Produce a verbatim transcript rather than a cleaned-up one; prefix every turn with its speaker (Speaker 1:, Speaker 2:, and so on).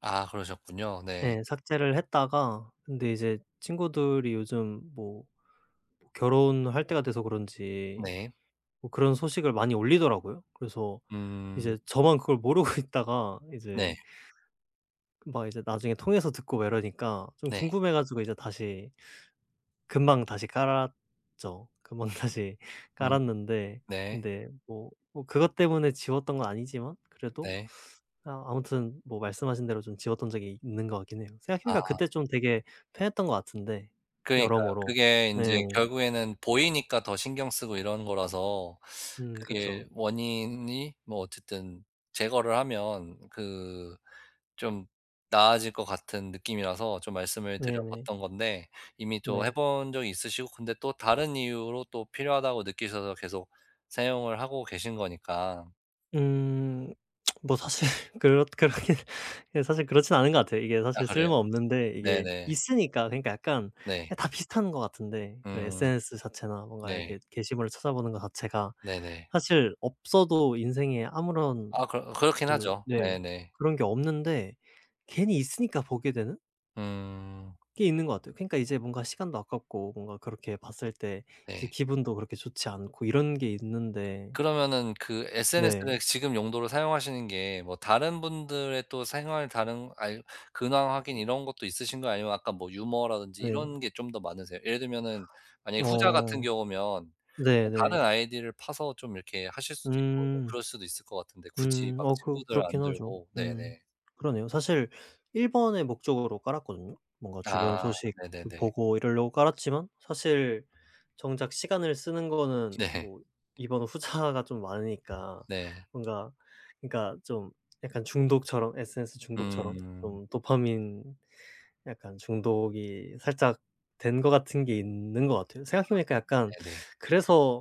Speaker 1: 아 그러셨군요. 네.
Speaker 2: 예. 삭제를 했다가 근데 이제 친구들이 요즘 뭐 뭐 결혼할 때가 돼서 그런지
Speaker 1: 네.
Speaker 2: 뭐 그런 소식을 많이 올리더라고요. 그래서
Speaker 1: 음.
Speaker 2: 이제 저만 그걸 모르고 있다가 이제
Speaker 1: 네.
Speaker 2: 그 막 이제 나중에 통해서 듣고 막 이러니까 좀
Speaker 1: 네.
Speaker 2: 궁금해 가지고 이제 다시 금방 다시 깔았죠. 금방 다시
Speaker 1: 음.
Speaker 2: 깔았는데
Speaker 1: 네.
Speaker 2: 근데 뭐, 뭐 그것 때문에 지웠던 건 아니지만 그래도
Speaker 1: 네.
Speaker 2: 아 아무튼 뭐 말씀하신 대로 좀 지웠던 적이 있는 것 같긴 해요. 생각해 보니까
Speaker 1: 아.
Speaker 2: 그때 좀 되게 편했던 것 같은데
Speaker 1: 그러니까요.
Speaker 2: 여러모로.
Speaker 1: 그게 인제
Speaker 2: 네.
Speaker 1: 결국에는 보이니까 더 신경 쓰고 이러는 거라서
Speaker 2: 음
Speaker 1: 그게
Speaker 2: 그쵸.
Speaker 1: 원인이 뭐 어쨌든 제거를 하면 그 좀 나아질 것 같은 느낌이라서 좀 말씀을 드려
Speaker 2: 네네.
Speaker 1: 봤던 건데 이미 또 해
Speaker 2: 네.
Speaker 1: 본 적이 있으시고 근데 또 다른 이유로 또 필요하다고 느끼셔서 계속 사용을 하고 계신 거니까.
Speaker 2: 음. 뭐 사실 그렇 그렇긴 예 사실 그렇진 않은 것 같아요. 이게
Speaker 1: 아
Speaker 2: 사실
Speaker 1: 그래요?
Speaker 2: 쓸모없는데 이게
Speaker 1: 네네.
Speaker 2: 있으니까 그러니까 약간
Speaker 1: 네.
Speaker 2: 다 비슷한 것 같은데 그
Speaker 1: 음.
Speaker 2: SNS 자체나 뭔가 이렇게
Speaker 1: 네.
Speaker 2: 게시물을 찾아보는 거 자체가
Speaker 1: 네네.
Speaker 2: 사실 없어도 인생에 아무런
Speaker 1: 아 그러 그렇긴
Speaker 2: 그
Speaker 1: 하죠.
Speaker 2: 네
Speaker 1: 네네.
Speaker 2: 그런 게 없는데 괜히 있으니까 보게 되는
Speaker 1: 음.
Speaker 2: 꽤 있는 것 같아요. 그니까 이제 뭔가 시간도 아깝고 뭔가 그렇게 봤을 때 이제
Speaker 1: 네.
Speaker 2: 기분도 그렇게 좋지 않고 이런 게 있는데
Speaker 1: 그러면은 그 SNS를
Speaker 2: 네.
Speaker 1: 지금 용도로 사용하시는 게 뭐 다른 분들의 또 생활, 다른 알 근황
Speaker 2: 음.
Speaker 1: 확인 이런 것도 있으신가요 아니면 아까 뭐 유머라든지
Speaker 2: 네.
Speaker 1: 이런 게 좀 더 많으세요? 예를 들면은 만약에 후자 같은
Speaker 2: 어.
Speaker 1: 경우면 그냥 다른
Speaker 2: 네네.
Speaker 1: 아이디를 파서 좀 이렇게 하실 수도 있고 좀
Speaker 2: 음.
Speaker 1: 그럴 수도 있을 것 같은데 굳이
Speaker 2: 음.
Speaker 1: 막
Speaker 2: 어 그
Speaker 1: 친구들 안
Speaker 2: 그렇긴 하죠.
Speaker 1: 들고
Speaker 2: 음.
Speaker 1: 네네.
Speaker 2: 그러네요. 사실 일 번의 목적으로 깔았거든요. 뭔가 주변
Speaker 1: 아
Speaker 2: 소식 그
Speaker 1: 네네네.
Speaker 2: 보고 이러려고 깔았지만 사실 정작 시간을 쓰는 거는
Speaker 1: 네.
Speaker 2: 뭐 이 번 후자가 좀 많으니까
Speaker 1: 네.
Speaker 2: 뭔가 그러니까 좀 약간 중독처럼, SNS 중독처럼
Speaker 1: 음.
Speaker 2: 좀 도파민 약간 중독이 살짝 된 것 같은 게 있는 것 같아요.
Speaker 1: 아
Speaker 2: 생각해 보니까 약간
Speaker 1: 네네.
Speaker 2: 그래서